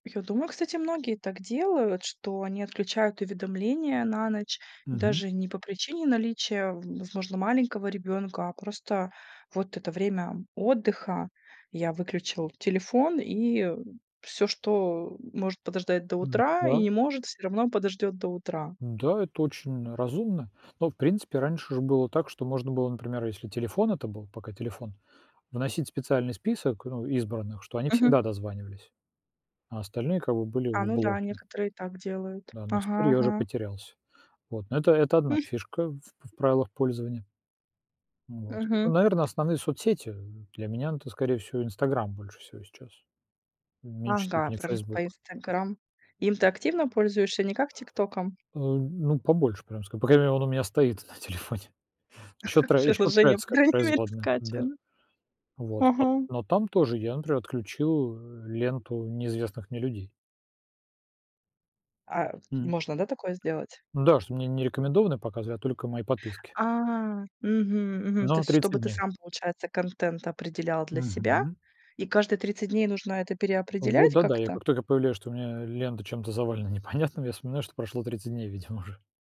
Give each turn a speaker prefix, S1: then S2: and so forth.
S1: Я думаю, кстати, многие так делают, что они отключают уведомления на ночь
S2: Мгм.
S1: даже не по причине наличия, в возможно, маленького ребёнка, а просто вот это время отдыха: я выключил телефон, и всё, что может подождать до
S2: М,
S1: утра и
S2: да.
S1: не может, всё равно подождёт до утра.
S2: Н-да, это очень разумно. Но, в принципе, раньше ж было так, что можно было, например, если телефон это был пока телефон вносить специальный список, ну, избранных, что они
S1: Мгм.
S2: всегда дозванивались, а остальные, как бы, были
S1: А,
S2: в
S1: ну да,
S2: блоке.
S1: некоторые так делают.
S2: Да, но теперь
S1: Ага
S2: я уже
S1: ага.
S2: потерялся. Вот, но это это 1
S1: М.
S2: фишка в в правилах пользования. Вот. Ну,
S1: Мгм.
S2: наверное, основные соцсети, для меня это, скорее всего, "Инстаграм" больше всего сейчас, в меньшей
S1: Ага,
S2: степени
S1: про раз по
S2: "Фейсбук".
S1: "Инстаграм". Им ты активно пользуешься, не как "ТикТоком"?
S2: Э, ну, побольше прям ск по крайней мере, он у меня стоит на телефоне, еще трэ еще
S1: Приложение
S2: "Трэдс"
S1: по
S2: как
S1: крайней мере
S2: производная, да.
S1: скачано.
S2: Вот. Но
S1: Ага.
S2: но там тоже я, например, отключил ленту неизвестных мне людей.
S1: А
S2: Мгм.
S1: можно, да, такое сделать?
S2: Да, что мне не рекомендованные показывают, а только мои подписки.
S1: А, мгм, мгм, то
S2: Но
S1: есть
S2: 30
S1: чтобы ты
S2: дней.
S1: сам, получается, контент определял для себя?
S2: Мгм.
S1: И каждые 30 дней нужно это
S2: Вот,
S1: переопределять
S2: да, да, я
S1: как-то?
S2: как только появляю, что у меня лента чем-то завалена непонятным, я вспоминаю, что прошло 30 дней, видимо, уже.